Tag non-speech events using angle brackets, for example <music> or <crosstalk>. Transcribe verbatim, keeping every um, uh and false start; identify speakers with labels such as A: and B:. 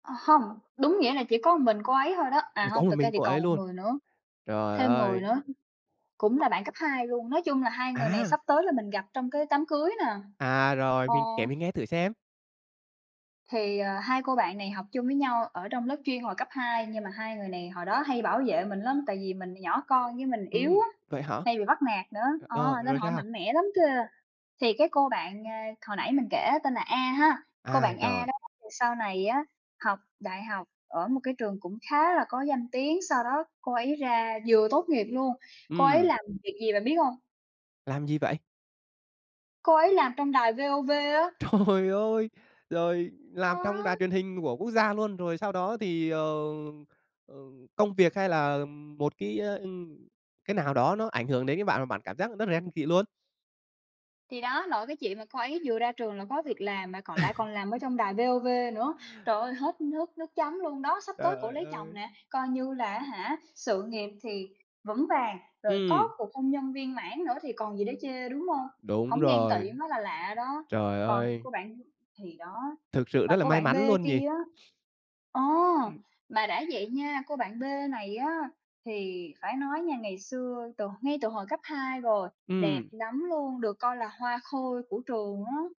A: Ờ hông, đúng nghĩa là chỉ có ừn mình cô ấy thôi đó, à
B: Có
A: hông,
B: một
A: thực ra
B: mình
A: thì
B: cô
A: còn
B: ấy
A: một
B: luôn?
A: người nữa
B: Trời
A: thêm người
B: ơi!
A: nữa cũng là bạn cấp hai luôn. Nói chung là hai người này
B: À!
A: sắp tới là mình gặp trong cái đám cưới nè.
B: À, rồi,
A: Ờ.
B: mình kể mình nghe thử xem!
A: Thì, à, hai cô bạn này học chung với nhau ở trong lớp chuyên hồi cấp hai, nhưng mà hai người này hồi đó hay bảo vệ mình lắm tại vì mình nhỏ con với mình yếu
B: Ừm,
A: á,
B: vậy hả?
A: hay bị bắt nạt nữa. Ờ,
B: Ờ,
A: nên
B: rồi
A: họ
B: sao?
A: mạnh mẽ lắm kìa! Thì cái cô bạn, à, hồi nãy mình kể tên là A ha! Cô
B: À,
A: bạn A
B: rồi.
A: đó thì sau này á, học đại học ở một cái trường cũng khá là có danh tiếng, sau đó cô ấy ra vừa tốt nghiệp luôn, cô ấy
B: Ừm.
A: làm việc gì bạn biết hông?
B: Làm gì vậy?
A: Cô ấy làm trong đài VOV á.
B: Trời ơi! Rồi làm trong đài
A: Đó!
B: truyền hình của quốc gia luôn, rồi sau đó thì, ờ, ờ, công việc hay là một cái, a, ưm, cái nào đó nó ảnh hưởng đến cái bạn và bạn cảm giác rất là ren tị luôn?
A: Thì đó, nội cái chuyện mà cô ấy vừa ra trường là có việc làm mà còn lại còn
B: <laughs>
A: làm ở trong đài VOV nữa. Trời ơi, hết nước nước chấm luôn đó! Sắp tới cổ
B: Trời
A: lấy chồng
B: ơi!
A: nè, coi như là á hả, sự nghiệp thì vững vàng, rồi có
B: Ừm.
A: cuộc hôn nhân viên mãn nữa thì còn gì để chê, đúng hông?
B: Đúng
A: Hổng ghen tỵ
B: rồi.
A: mới là lạ đó.
B: Trời
A: Còn
B: ơi!
A: cô bạn thì đó.
B: Thực sự
A: Và
B: rất là
A: cô
B: may
A: bạn B
B: mắn luôn nhỉ?
A: kia á
B: <sniffs>
A: ờ!
B: Ừm.
A: Mà đã vậy nha, cô bạn B này á, thì phải nói nha ngày xưa, từ ngay từ hồi cấp hai rồi, đẹp
B: Ừm.
A: lắm luôn, được coi là hoa khôi của trường á.